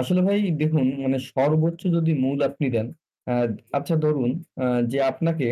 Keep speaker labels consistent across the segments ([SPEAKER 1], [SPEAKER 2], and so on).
[SPEAKER 1] আসলে ভাই দেখুন মানে
[SPEAKER 2] হুম।
[SPEAKER 1] সর্বোচ্চ যদি মূল আপনি দেন আ
[SPEAKER 2] হুম।
[SPEAKER 1] আচ্ছা ধরুন যে আপনাকে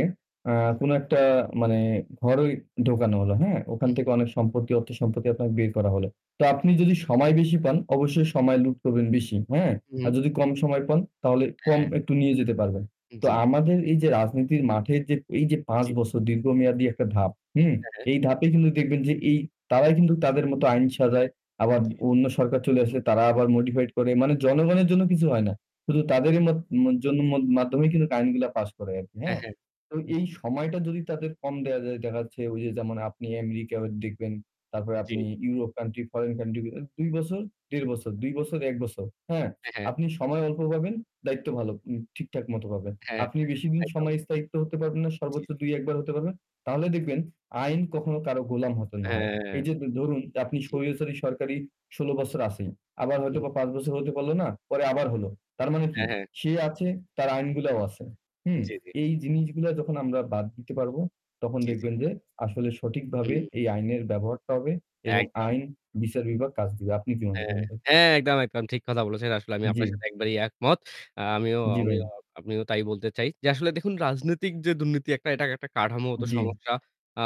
[SPEAKER 1] আ
[SPEAKER 2] জি।
[SPEAKER 1] কোন একটা মানে ঘরেই ঢোকানো হলো। হ্যাঁ? ওখান
[SPEAKER 2] হুম।
[SPEAKER 1] থেকে অনেক সম্পত্তি অর্থসম্পত্তি আপনাকে বের করা হলো। তো আপনি
[SPEAKER 2] জি।
[SPEAKER 1] যদি সময় বেশি পান অবশ্যই সময় লুট করবেন বেশি। হ্যাঁ? আর
[SPEAKER 2] হুম।
[SPEAKER 1] যদি কম সময় পান তাহলে কম
[SPEAKER 2] হ্যাঁ।
[SPEAKER 1] একটু নিয়ে যেতে পারবেন। তো
[SPEAKER 2] জ্বী।
[SPEAKER 1] আমাদের এই যে রাজনীতির মাঠে যে এই যে ৫
[SPEAKER 2] জি।
[SPEAKER 1] বছর দীর্ঘমেয়াদী একটা ধাপ, হুম?
[SPEAKER 2] হ্যাঁ।
[SPEAKER 1] এই ধাপে কিন্তু দেখবেন যে এ তারাই কিন্তু তাদের মতো আইন সাজায়। আবার অন্য সরকার চলে আসলে তারা আবার modified করে মানে জনগণের জন্য কিছু হয় না। শুধু
[SPEAKER 2] জি।
[SPEAKER 1] তাদেরই মত মত জনমত মাধ্যমেই কিন্তু আইনগুলা পাস করে আরকি।
[SPEAKER 2] হ্যাঁ,
[SPEAKER 1] হ্যাঁ?
[SPEAKER 2] হ্যাঁ।
[SPEAKER 1] তো
[SPEAKER 2] জি।
[SPEAKER 1] এই সময়টা যদি তাদের কম দেওয়া যায়, দেখা যাচ্ছে ওই যে যেমন আপনি আমেরিকা দেখবেন, তারপরে
[SPEAKER 2] জ্বী।
[SPEAKER 1] আপনি ইউরোপ country, foreign country গুলা ২ বছর, ১ ১/২ বছর, ২ বছর, ১ বছর। হ্যাঁ?
[SPEAKER 2] হ্যাঁ, হ্যাঁ।
[SPEAKER 1] আপনি সময় অল্প পাবেন, দায়িত্ব ভালো উম ঠিকঠাক মতো পাবেন।
[SPEAKER 2] হ্যাঁ,
[SPEAKER 1] আপনি বেশিদিন
[SPEAKER 2] একদম।
[SPEAKER 1] সময় স্থায়িত্ব হতে পারবেন না।
[SPEAKER 2] জি,
[SPEAKER 1] সর্বোচ্চ
[SPEAKER 2] জি।
[SPEAKER 1] ২, ১ বার হতে পারবেন। তাহলে দেখবেন আইন কখনো কারো গোলাম হতে না হয়।
[SPEAKER 2] হ্যাঁ।
[SPEAKER 1] এই যে ধরুন আপনি
[SPEAKER 2] জ্বী।
[SPEAKER 1] স্বৈরচারী সরকারি ১৬ বছর আছেই। আবার
[SPEAKER 2] হুম।
[SPEAKER 1] হয়তোবা ৫ বছর হতে পারলো না, পরে আবার হলো। তার মানে কি?
[SPEAKER 2] হ্যাঁ, হ্যাঁ।
[SPEAKER 1] সে আছে, তার আইনগুলাও আছে।
[SPEAKER 2] জ্বি,
[SPEAKER 1] হুম?
[SPEAKER 2] জ্বি।
[SPEAKER 1] এই জিনিসগুলা যখন আমরা বাদ দিতে পারবো তখন
[SPEAKER 2] জি, জি।
[SPEAKER 1] দেখবেন যে আসলে সঠিকভাবে এই
[SPEAKER 2] হুম।
[SPEAKER 1] আইনের ব্যবহারটা হবে এবং
[SPEAKER 2] একদম।
[SPEAKER 1] আইন, বিচার বিভাগ কাজ দিবে। আপনি কি মনে
[SPEAKER 2] হ্যাঁ,
[SPEAKER 1] করেন ভাই?
[SPEAKER 2] হ্যাঁ একদম, একদম ঠিক কথা বলেছেন। আসলে আমি
[SPEAKER 1] জ্বী।
[SPEAKER 2] আপনার সাথে একবারেই একমত। আ আমিও
[SPEAKER 1] জ্বী, ভাই।
[SPEAKER 2] আমিও তাই বলতে চাই। যে আসলে দেখুন রাজনৈতিক যে দুর্নীতি এটা একটা কাঠামোগত
[SPEAKER 1] জ্বী।
[SPEAKER 2] সমস্যা। আ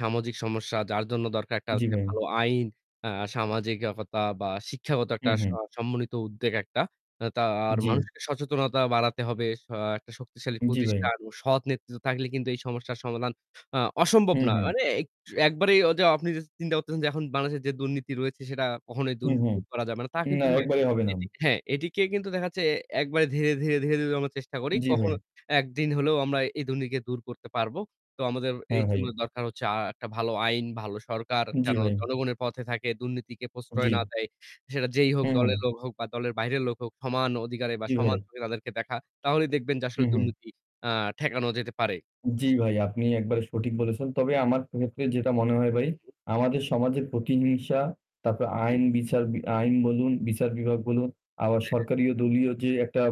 [SPEAKER 2] সামাজিক সমস্যা যার জন্য দরকার একটা
[SPEAKER 1] জী,
[SPEAKER 2] যে
[SPEAKER 1] ভাই।
[SPEAKER 2] ভালো আইন, আ সামাজিকতা বা শিক্ষাগত একটা
[SPEAKER 1] হু, হু।
[SPEAKER 2] আ সমন্বিত উদ্বেগ একটা। আ তা আর
[SPEAKER 1] জ্বী।
[SPEAKER 2] মানুষকে সচেতনতা বাড়াতে হবে। সা একটা শক্তিশালী
[SPEAKER 1] জ্বি, ভাই।
[SPEAKER 2] প্রতিষ্ঠান ও সৎ নেতৃত্ব থাকলে কিন্তু এই সমস্যার সমাধান আ অসম্ভব
[SPEAKER 1] হু,
[SPEAKER 2] না।
[SPEAKER 1] হু।
[SPEAKER 2] মানে এ একবারেই আপনি অদা চিন্তা করতেছেন যে এখন বাংলাদেশে যে দুর্নীতি রয়েছে সেটা কখনোই
[SPEAKER 1] হুম,
[SPEAKER 2] দুর্নীতি
[SPEAKER 1] হুম,
[SPEAKER 2] দূর করা যাবে না, তা
[SPEAKER 1] না
[SPEAKER 2] কিন্তু নয়।
[SPEAKER 1] একবারে হবে না।
[SPEAKER 2] হ্যাঁ, এটিকে কিন্তু দেখা যাচ্ছে একবারে ধীরে, ধীরে, ধীরে, ধীরে আমরা চেষ্টা করি।
[SPEAKER 1] জ্বি, ভাই।
[SPEAKER 2] কখনো একদিন হলেও আমরা এই দুর্নীতিকে দূর করতে পারবো। তো আমাদের
[SPEAKER 1] হ্যাঁ,
[SPEAKER 2] এই
[SPEAKER 1] ভাই।
[SPEAKER 2] জন্য দরকার হচ্ছে আ একটা ভালো আইন, ভালো সরকার
[SPEAKER 1] জ্বি,
[SPEAKER 2] যেন
[SPEAKER 1] ভাই।
[SPEAKER 2] জনগণের পথে থাকে, দুর্নীতিকে প্রশ্রয়
[SPEAKER 1] জ্বী।
[SPEAKER 2] না দেয়। সেটা যেই
[SPEAKER 1] হু,
[SPEAKER 2] হোক দলের
[SPEAKER 1] হু।
[SPEAKER 2] লোক হোক বা দলের বাইরের লোক হোক সমান অধিকারে বা
[SPEAKER 1] জি ভাই।
[SPEAKER 2] সমান চোখে তাদেরকে দেখা। তাহলেই দেখবেন যে
[SPEAKER 1] হু,
[SPEAKER 2] আসলে
[SPEAKER 1] হু।
[SPEAKER 2] দুর্নীতি আ ঠেকানো যেতে পারে।
[SPEAKER 1] জ্বি, ভাই আপনি একবারে সঠিক বলেছেন। তবে আমার ক্ষেত্রে যেটা মনে হয় ভাই
[SPEAKER 2] হুম, হুম।
[SPEAKER 1] আমাদের সমাজের প্রতিহিংসা তারপর
[SPEAKER 2] জ্বী।
[SPEAKER 1] আইন, বিচার আইন বলুন, বিচার বিভাগ বলুন আবার
[SPEAKER 2] হ্যাঁ।
[SPEAKER 1] সরকারি দলীয় যে একটা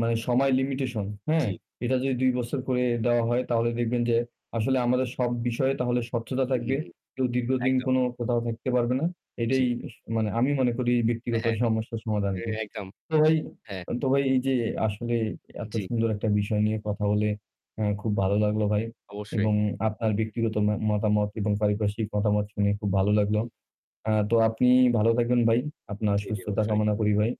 [SPEAKER 1] মানে সময় লিমিটেশন, হ্যাঁ?
[SPEAKER 2] জ্বি।
[SPEAKER 1] এটা যদি ২ বছর করে দেওয়া হয় তাহলে দেখবেন যে আসলে আমাদের সব বিষয়ে তাহলে স্বচ্ছতা
[SPEAKER 2] হু,
[SPEAKER 1] থাকবে।
[SPEAKER 2] হু।
[SPEAKER 1] কেউ দীর্ঘদিন
[SPEAKER 2] একদম।
[SPEAKER 1] কোন কোথাও থাকতে পারবে না। এটাই
[SPEAKER 2] জ্বি।
[SPEAKER 1] স মানে আমি মনে করি
[SPEAKER 2] এ
[SPEAKER 1] ব্যক্তিগত
[SPEAKER 2] হ্যাঁ।
[SPEAKER 1] সমস্যার সমাধান
[SPEAKER 2] এ
[SPEAKER 1] আরকি।
[SPEAKER 2] একদম।
[SPEAKER 1] তো ভাই
[SPEAKER 2] হ্যাঁ।
[SPEAKER 1] আ তো ভাই এই যে আসলে এত
[SPEAKER 2] জ্বি।
[SPEAKER 1] সুন্দর একটা বিষয় নিয়ে কথা বলে আ খুব ভালো লাগলো ভাই।
[SPEAKER 2] অবশ্যই।
[SPEAKER 1] এবং আপনার ব্যক্তিগত মা মতামত এবং পারিপার্শিক মতামত শুনে খুব ভালো লাগলো।
[SPEAKER 2] জি।
[SPEAKER 1] আ তো আপনি ভালো থাকবেন ভাই। আপনার
[SPEAKER 2] জ্বী, জ্বী।
[SPEAKER 1] সুস্থতা
[SPEAKER 2] অবশ্যই।
[SPEAKER 1] কামনা করি ভাই।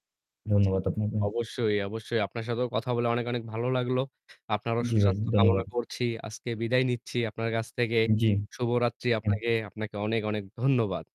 [SPEAKER 2] জি।
[SPEAKER 1] ধন্যবাদ আপনাকে।
[SPEAKER 2] অবশ্যই, অবশ্যই। আপনার সাথেও কথা বলে অনেক, অনেক ভালো লাগলো। আপনারও
[SPEAKER 1] জ্বী, ভাই
[SPEAKER 2] সুস্বাস্থ্য কামনা
[SPEAKER 1] ধন্যবাদ।
[SPEAKER 2] করছি। আজকে বিদায় নিচ্ছি আপনার কাছ থেকে।
[SPEAKER 1] জ্বী।
[SPEAKER 2] শুভরাত্রি
[SPEAKER 1] হুম।
[SPEAKER 2] আপনাকে। আপনাকে অনেক, অনেক ধন্যবাদ।